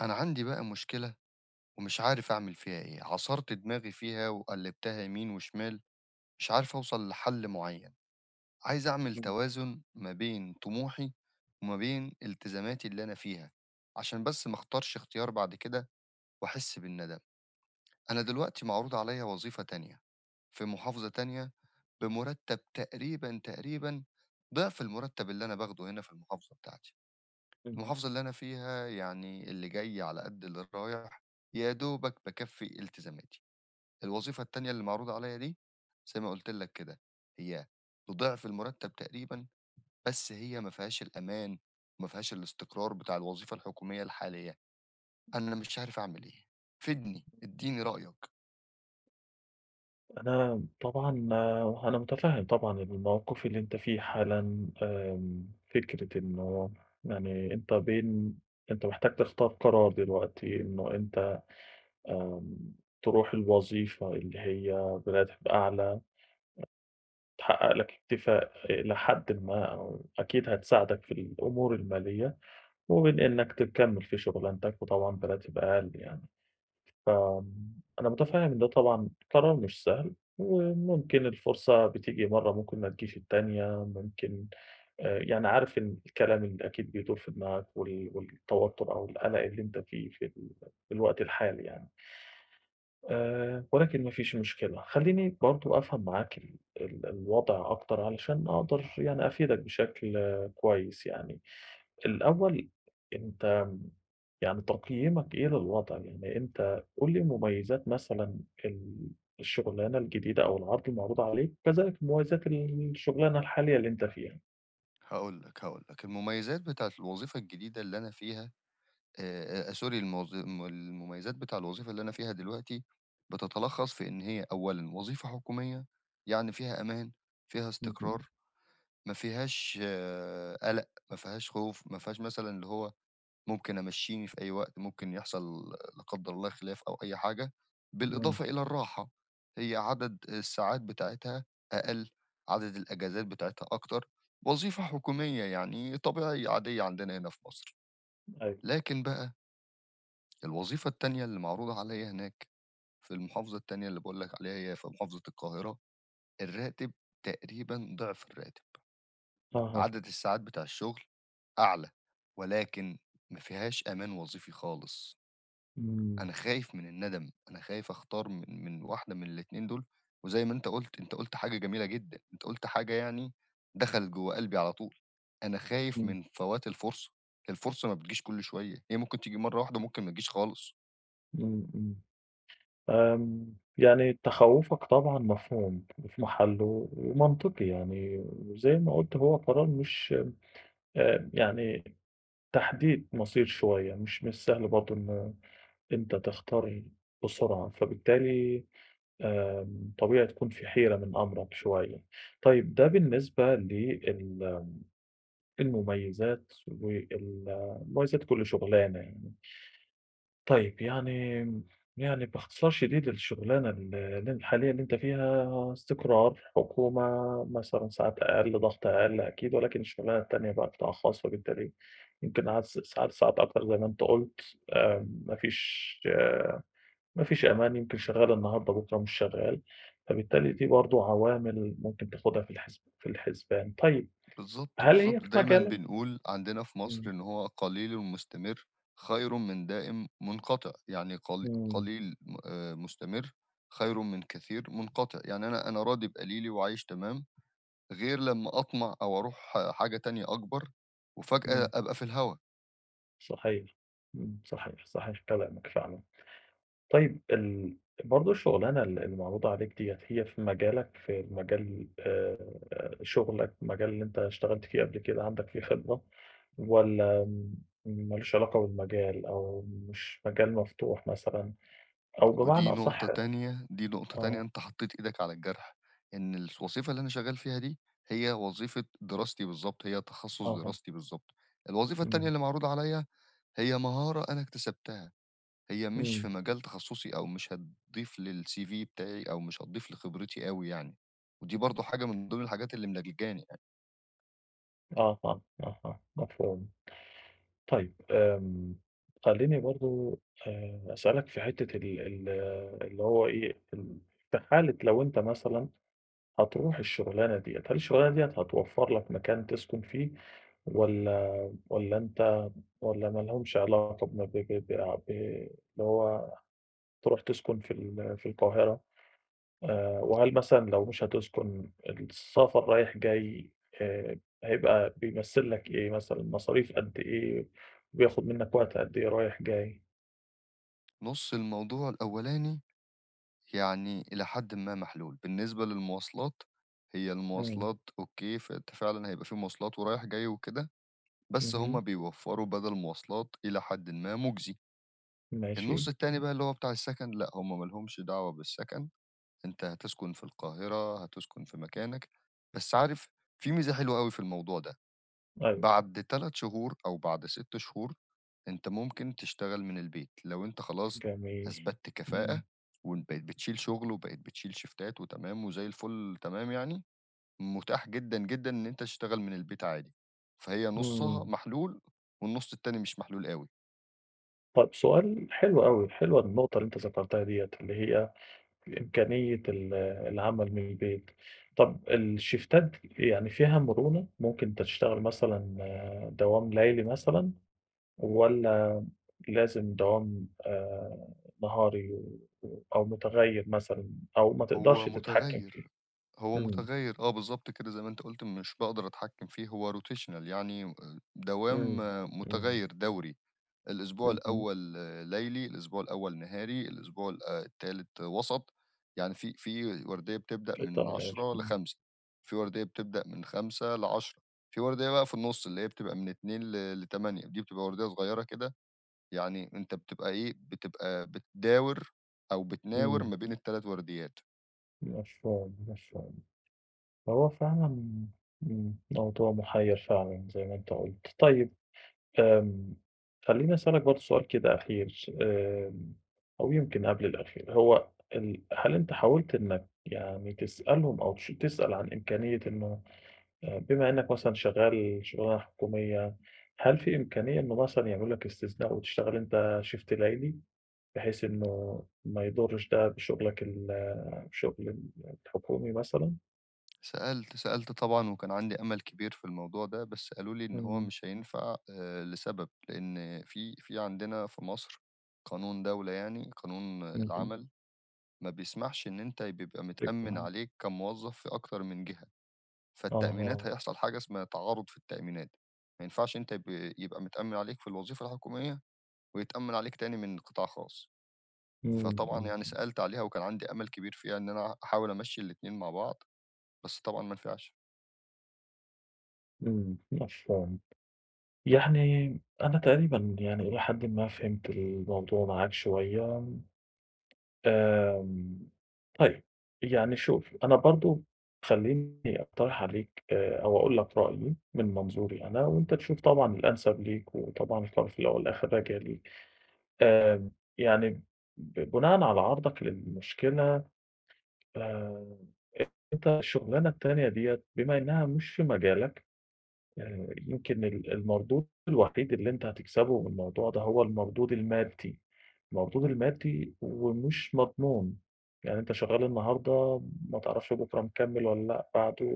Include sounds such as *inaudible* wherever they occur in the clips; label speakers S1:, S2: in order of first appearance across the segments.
S1: أنا عَندي بقى مشكلة ومش عارف أعمِل فيها إيه، عصَرت دماغي فيها وقلِّبتها يمين وشِمال مش عارف أوصَل لحل معيّن، عايز أعمِل
S2: إمم.
S1: توازُن ما بين طموحي وما بين التزاماتي اللي أنا فيها عشان بس ما اختارش اختيار بعد كده وأحس بالندم. أنا دلوقتي معروض عليَّ وظيفة تانية في محافظة تانية بمُرتّب تقريبًا، تقريبًا ضِعف المُرتّب اللي أنا باخده هنا في المحافظة بتاعتي،
S2: اهم.
S1: والمحافظة اللي أنا فيها يعني اللي جاي على قد اللي رايح، يا دوبك بيكّفي التزاماتي، الوظيفة التانية اللي معروضة عليَّ دي زي ما قُلت لك كده، هي بضِعف المُرتّب تقريبًا، بس هي ما فيهاش الأمان وما فيهاش الاستقرار بتاع الوظيفة الحكومية الحالية، أنا مش عارف أعمل إيه، فِيدني، إدّيني رأيك.
S2: أنا م طبعًا وه أنا متفهِّم طبعًا إن الموقِف اللي أنت في حالًا آمم، فكرة إنه يعني أنت بين، أنت محتاج تختار قرار دلوقتي إنه أنت آمم ترُوح الوظيفة اللي هي براتب أعلى أ تحقّق لك اكتفاء آآ لحدٍ ما أو أكيد هتساعدك في الأمور المالية وبين إنك تكمّل في شُغلانتك وطبعًا براتب أقَل يعني، فم أنا متفهّم إن ده طبعًا قرار مش سهل وممكن الفرصة بتيجي مرّة، ممكن ما تجيش التانية، ممكن آآ، يعني عارف إن الكلام اللي أكيد بيدُور في دماغك وال والتوتُّر أو القلَق اللي أنت فيه في ال في الوقت الحالي يعني آآ ولكن ما فيش مشكلة خلّيني برضه أفهَم معاك ال ال الوضْع أكتر علشان أقدَر يعني أفيدك بشكل كويس يعني، الأول أنت م يعني تقييمك إيه للوضع؟ يعني أنت قُل لي مميّزات مثلًا ال الشُغلانة الجديدة أو العرض المعروض عليك، كذلك مميزات ال الشُغلانة الحالية اللي أنت فيها.
S1: هاقول لك، هاقول لك، المميزات بتاعة الوظيفة الجديدة اللي أنا فيها آآ آآ آآ sorry الموظ الم المميّزات بتاع الوظيفة اللي أنا فيها دلوقتي بتتلخّص في إن هي أولًا وظيفة حكومية يعني فيها أمان، فيها
S2: اهم.
S1: استقرار، ما فيهاش قلق، ما فيهاش خوف، ما فيهاش مثلًا اللي هو ممكن أمشيني في أي وقت، ممكن يحصَل لا قدّر الله خِلاف أو أي حاجة.
S2: إمم.
S1: بالإضافة إلى الراحة هي عدد الساعات بتاعتها أقل، عدد الأجازات بتاعتها أكتر. وظيفة حكومية يعني، طبيعية عادية عندنا هنا في مصر.
S2: أيوه.
S1: لكن بقى الوظيفة التانية اللي معروضة عليَّ هناك في المحافظة التانية اللي باقول لك عليها، هي في محافظة القاهرة، الرّاتب تقريبًا ضِعف الراتب،
S2: أها.
S1: عدد الساعات بتاع الشغل أعلى، ولكن ما فيهاش أمان وظيفي خالص.
S2: إمم.
S1: أنا خايف من الندم، أنا خايف أختار من من واحدة من الإتنين دُول. وزَي ما أنت قُلت، أنت قُلت حاجة جميلة جدًا، أنت قُلت حاجة يعني دخَلِت جوّه قلْبي على طُول. أنا خايف
S2: إمم.
S1: من فوات الفُرصة، الفُرصة ما بتجيش كُلّ شوية، هي ممكن تيجي مرّة واحدة وممكن ما تجيش خالص.
S2: إمم، إمم آمم. يعني تخوَّفك طبعًا مفهوم وفي محلُّه ومنطقي يعني، وزي ما قُلت هو قرار مش آآ، يعني تحديد مَصير شوية، مش من السهل برضه إن، أنت تختار بسرعة، فبالتالي آآ طبيعي تكون في حيرة من أمرَك شويّة. طيب ده بالنسبة ل ال المميّزات وال مميزات كلّ شُغلانة يعني. طيب يعني آمم، يعني باختصار شديد، الشغلانة ال الحالية اللي أنت فيها استقرار، حكومة، مثلًا ساعات أقَل، ضغْط أقَل أكيد، ولكن الشغلانة التانية بقى قِطاع خاص، فبالتالي يمكن عد س ساعات، ساعات أكتر زي ما أنت قُلت آآ، ما فيش ما فيش أمان، يمكن شغّال النهاردة، بُكرا مش شغّال. فبالتالي دي برضه عوامل ممكن تاخدها في الحِسب في الحِسبان. طيب
S1: بالضبط،
S2: هل هي
S1: بالضبط.
S2: في
S1: دايمًا
S2: مجالك؟
S1: بنقول عندنا في مصر
S2: إمم.
S1: إن هو "قليلٌ مستمر خيرٌ من دائم منقطِع." يعني قلي
S2: إمم.
S1: قليل م آآ مستمر خير من كثير منقطِع. يعني أنا أنا راضي بقليلي وعايش تمام، غير لما أطمَع أو أرُوح حاجة تانية أكبر وفجأة
S2: إمم.
S1: أبقى في الهوا.
S2: صحيح إمم صحيح، صحيح كلامك فعلًا. طيّب ال برضه الشغلانة ال اللي معروضة عليك دِيَّة هي في مجالك؟ في المجال آآ شُغلك مجال اللي أنت اشتغلت فيه قبل كده، عَندك فيه خبرة؟ والّا م ما لوش علاقة بالمجال؟ أو مش مجال مفتوح مثلًا؟ أو بمعنى
S1: ودي
S2: أصح
S1: نقطة تانية، دي نقطة تانية
S2: آه.
S1: أنت حطيت إيدك على الجرح إن الس وظيفة اللي أنا شغّال فيها دي هي وظيفة دراستي بالضبط، هي تخصص
S2: أها.
S1: دراستي بالضبط، الوظيفة التانية
S2: إمم.
S1: اللي معروضة عليَّ هي مهارة أنا اكتسبتها، هي مش في
S2: امم.
S1: مجال تخصصي أو مش هتضيف للCV بتاعي أو مش هتضيف لخبرتي أوي يعني، ودي برضه حاجة من ضمن الحاجات اللي ملجلجاني يعني.
S2: آه آه، آه، آه، مفهوم. طيّب آمم خلّيني برضه آآ أسألك في حِتّة ال ال اللي هو إيه في ال في حالة لو أنت مثلًا هتروح الشغلانة دِيَّة، هل الشغلانة دِيَّة هتوفر لك مكان تسكُن فيه؟ والّا والّا أنت والّا ما لهُمش علاقة بم ب ب بع ب اللي هو تروح تسكن في ال في القاهرة؟ آآ وهل مثلًا لو مش هتسكن السفر رايح جاي آآ هيبقى بيمثّل لك إيه مثلًا؟ مصاريف قد إيه؟ بياخد مِنّك وقت قد إيه رايح جاي؟
S1: نُص الموضوع الأولاني يعني إلى حدٍ ما محلول. بالنسبة للمواصلات، هي
S2: إمم.
S1: المواصلات أوكي فأنت فعلًا هيبقى في مواصلات ورايح جاي وكده بس هُم
S2: اهم.
S1: بيوفّروا بَدل مواصلات إلى حدٍ ما مجزي. النُص
S2: ماشي.
S1: التاني بقى اللي هو بتاع السكن لأ هُم ما لهمش دعوة بالسكن، أنت هتسكن في القاهرة، هتسكن في مكانك، بس عارف في ميزة حلوة أوي في الموضوع ده،
S2: أيوه.
S1: بَعد 3 شهور أو بَعد 6 شهور أنت ممكن تشتغل من البيت لو أنت خلاص
S2: جميل،
S1: أثبتت كفاءة
S2: إمم.
S1: وإن بقيت بتشيل شُغل، وبقيت بتشيل شيفتات وتمام وزي الفل تمام يعني، متاح جدًا، جدًا إن أنت تشتغل من البيت عادي، فهي نُصّها
S2: إمم.
S1: محلول، والنُص التاني مش محلول أوي.
S2: طَب سؤال حلو أوي، حلوة النقطة اللي أنت ذكرتها دِيّة، اللي هي الإمكانية ال العمل من البيت طَب الشيفتات يعني فيها مرونة، ممكن تشتغل مثلًا دوام ليلي مثلًا، والّا لازم دوام آآ نهاري و و أو مُتغيّر مثلًا أو ما
S1: هو
S2: تقدرش تتحكم
S1: مُتغيّر،
S2: فيه؟
S1: هو
S2: إمم.
S1: مُتغيّر آه بالضبط كده زي ما أنت قُلت مش باقدر اتحكم فيه هو rotational يعني و آآ دوام
S2: إمم، إمم.
S1: مُتغيّر دَوري الإسبوع
S2: اهم.
S1: الأول ليلي، الإسبوع الأول نهاري، الإسبوع ال آآ التالت وَسَط، يعني في في ورديّة بتبدأ من
S2: *unintelligible*
S1: 10:00
S2: إمم.
S1: ل17:00 في ورديّة بتبدأ من 17:00 ل22:00 فيه ورديّة بقى في النُص اللي هي بتبقى من 14:00 ل ل20:00 دي بتبقى ورديّة صغيّرة كده يعني أنت بتبقى إيه بتبقى بتداور أو بتناور ما
S2: إمم.
S1: بين ال3 ورديّات.
S2: مفهوم، مفهوم. طَب هو فعلًا إمم، موضوع مُحيِّر فعلًا زي ما أنت قُلت. طيب آمم، خلّيني أسألك برضه سؤال كده أخير آمم، أو يمكن قبْل الأخير. هو ال هل أنت حاولت إنك يعني تسألهم أو تـش تسأل عن إمكانية إنه آآ بما إنك مثلًا شغّال شُغلانة حكومية، هل فيه إمكانية إنه مثلًا يعملوا لك استثناء وتشتغل أنت shift ليلي، بحيث إنّه ما يُضّرش ده بشُغلك ال شُغل ال الحكومي مثلًا؟
S1: سألت، سألت طبعًا وكان عندي أمَل كبير في الموضوع ده، بس قالوا لي إن هو
S2: إمم.
S1: مش هينفَع آآ لسبب، لإن في في عندنا في مصر قانون دولة يعني، قانون
S2: اهم.
S1: العمل ما بيسمَحش إن أنت ي بيبقى متأمن
S2: *unintelligible*
S1: عليك كموظف في أكتر من جهة. فالتأمينات
S2: أها.
S1: هيحصَل حاجة اسمها تعارُض في التأمينات. ما ينفعش أنت يبقى يبقى متأمّن عليك في الوظيفة الحكومية، ويتأمّن عليك تاني من قِطاع خاص.
S2: إمم،
S1: فطبعًا
S2: إمم،
S1: يعني
S2: إمم.
S1: سألت عليها وكان عَندي أمل كبير فيها إن أنا أحاول أمشّي الإتنين مع بعْض، بس طبعًا ما نفِعش.
S2: إمم. مفهوم. يعني أنا تقريبًا، يعني إلى حدٍ ما فهِمت الموضوع معاك شوية. آمم طيب، يعني شوف، أنا برضه خلّيني أقترِح عليك آآ أو أقول لك رأيي من منظوري أنا وأنت تشوف طبعًا الأنسب ليك، وطبعًا القرار في الأول والأخر راجع ليك. آآ يعني ب بناءً على عرضك للمشكلة آآ أنت الشغلانة التانية ديّة بما إنها مش في مجالك، آآ يمكن ال المردود الوحيد اللي أنت هتكسبه من الموضوع ده هو المردود المادّي. المردود المادّي ومش مضمون. يعني أنت شغال النهارده ما تعرفش بكرة مكمل والّا لأ، بعده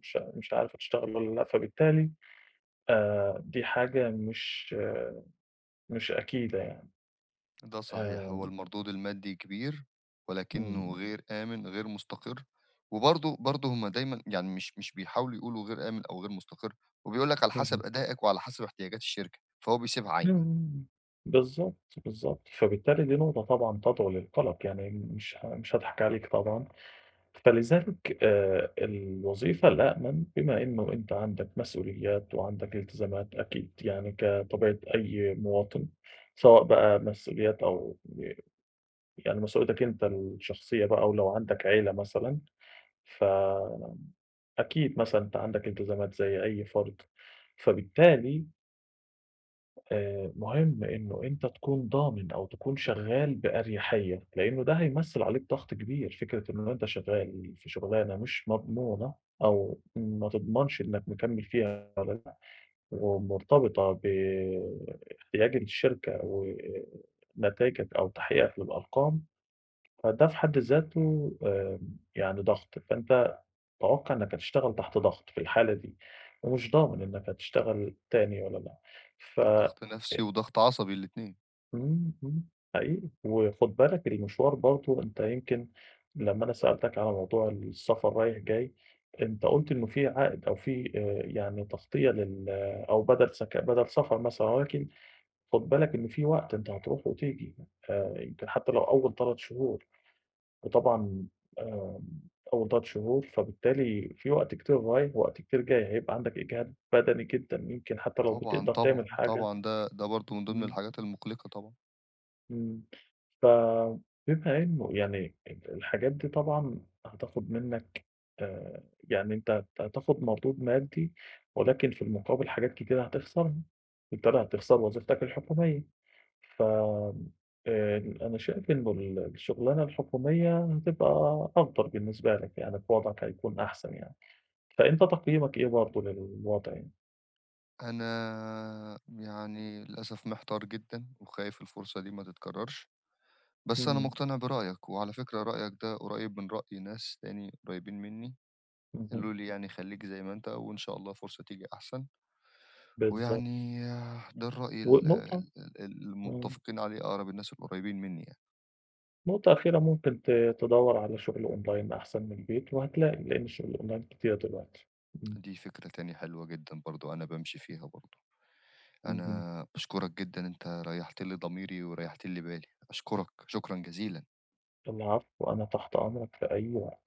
S2: مش ع مش عارف هتشتغل والّا لأ، فبالتالي آآ دي حاجة مش مش أكيدة يعني.
S1: ده صحيح. هو
S2: آمم.
S1: المردود المادّي كبير، ولكنه
S2: إمم.
S1: غير آمِن غير مستقِر. وبرضه برضه هُم دايمًا يعني مش مش بيحاولوا يقولوا غير آمِن أو غير مستقِر، وبيقول لك على
S2: اهم.
S1: حسب أداءك وعلى حسب احتياجات الشركة، فهو بيسيبها
S2: امم،
S1: عايمة.
S2: امم بالضبط، بالضبط. فبالتالي دي نقطة طبعًا تدعو للقلق، يعني مش ه مش هاضحَك عليك طبعًا. فلذلك آآ الوظيفة الأأمن، بما إنه أنت عندك مسئوليات وعندك التزامات أكيد، يعني كطبيعة أي مواِطن، سواء بقى مسئوليات أو ب يعني مسئوليتك أنت الشخصية بقى، و لو عَندك عيلة مثلًا، ف أكيد مثلًا أنت عَندك التزامات زي أي فرد، فبالتالي آآ مهم إنه أنت تكون ضامن أو تكون شغّال بأريحيّة، لإنه ده هيمثّل عليك ضغْط كبير، فكرة إنه أنت شغّال في شُغلانة مش مضمونة، أو ما تضمَنش إنك مكمِّل فيها والّا لأ، ومرتبطة ب احتياج الشركة و آآ نتايجك أو تحقيقك للأرقام، فده في حَد ذاته آمم يعني ضغط، فأنت توقَّع إنك هتشتغل تحت ضغط في الحالة دي، ومش ضامن إنك هتشتغل تاني والّا لأ، ف
S1: ضغْط نَفْسي
S2: إ
S1: وضغْط عصبي، الإتنين.
S2: إمم، إمم، حقيقي. وخُد بالك المشوار برضه، أنت يمكن لمّا أنا سألتك على موضوع السفر رايح جاي، أنت قُلت إنه في عائد أو في آآ، يعني تغطية لل أو بَدَل سك بَدَل سفر مثلًا، ولكن خُد بالك إن في وقت أنت هترُوح وتيجي آآ يمكن حتى لو أول 3 شهور وطبعًا آمم أول 3 شهور، فبالتالي في وقت كتير رايح ووقت كتير جاي، هيبقى عَندك إجهاد بدني جدًا، يمكن حتى لو
S1: طبعًا،
S2: بِتقدَر
S1: طبعًا،
S2: تعمل حاجة.
S1: طبعًا ده ده برضه من ضِمن
S2: إمم.
S1: الحاجات المُقلِقة طبعًا.
S2: امم. ف بما إنه يعني ال الحاجات دي طبعًا هتاخد منك آآ، يعني أنت هتاخد مردود مادّي ولكن في المقابل حاجات كتيرة هتخسَرها، بالتالي هتخسَر وظيفتك الحكومية ف آآ أنا شايف إن ال الشغلانة الحكومية هتبقى أفضَل بالنسبة لك يعني في وضْعك هيكون أحسَن يعني، فأنت تقييمك إيه برضه للوضع يعني؟
S1: أنا يعني للأسف محتار جدًا، وخايف الفرصة دي ما تتكرّرش بس أنا
S2: امم.
S1: مقتنع برأيك، وعلى فكرة رأيك ده قريّب من رأي ناس تاني قريبين منّي قالوا
S2: اهم.
S1: لي يعني خلّيك زي ما أنت وإن شاء الله فرصة تيجي أحسن.
S2: بالضبط.
S1: ويعني ده الرأي ال
S2: ونقطة
S1: ال
S2: امم.
S1: المتّفقين عليه أقرَب الناس القريّبين منّي يعني.
S2: نقطة أخيرة، ممكن ت تدوّر على شُغل Online أحسن من البيت وهتلاقي، لإن شُغل الOnline كتير دلوقتي. امم.
S1: دي فكرة تانية حلوة جدًا برضه أنا بامشي فيها برضه.
S2: اهم.
S1: أنا باشكُرك جدًا أنت ريّحت لي ضميري وريّحت لي بالي أشكرك، شكرًا جزيلًا.
S2: العفو، أنا تحت أمرك في أي وقت.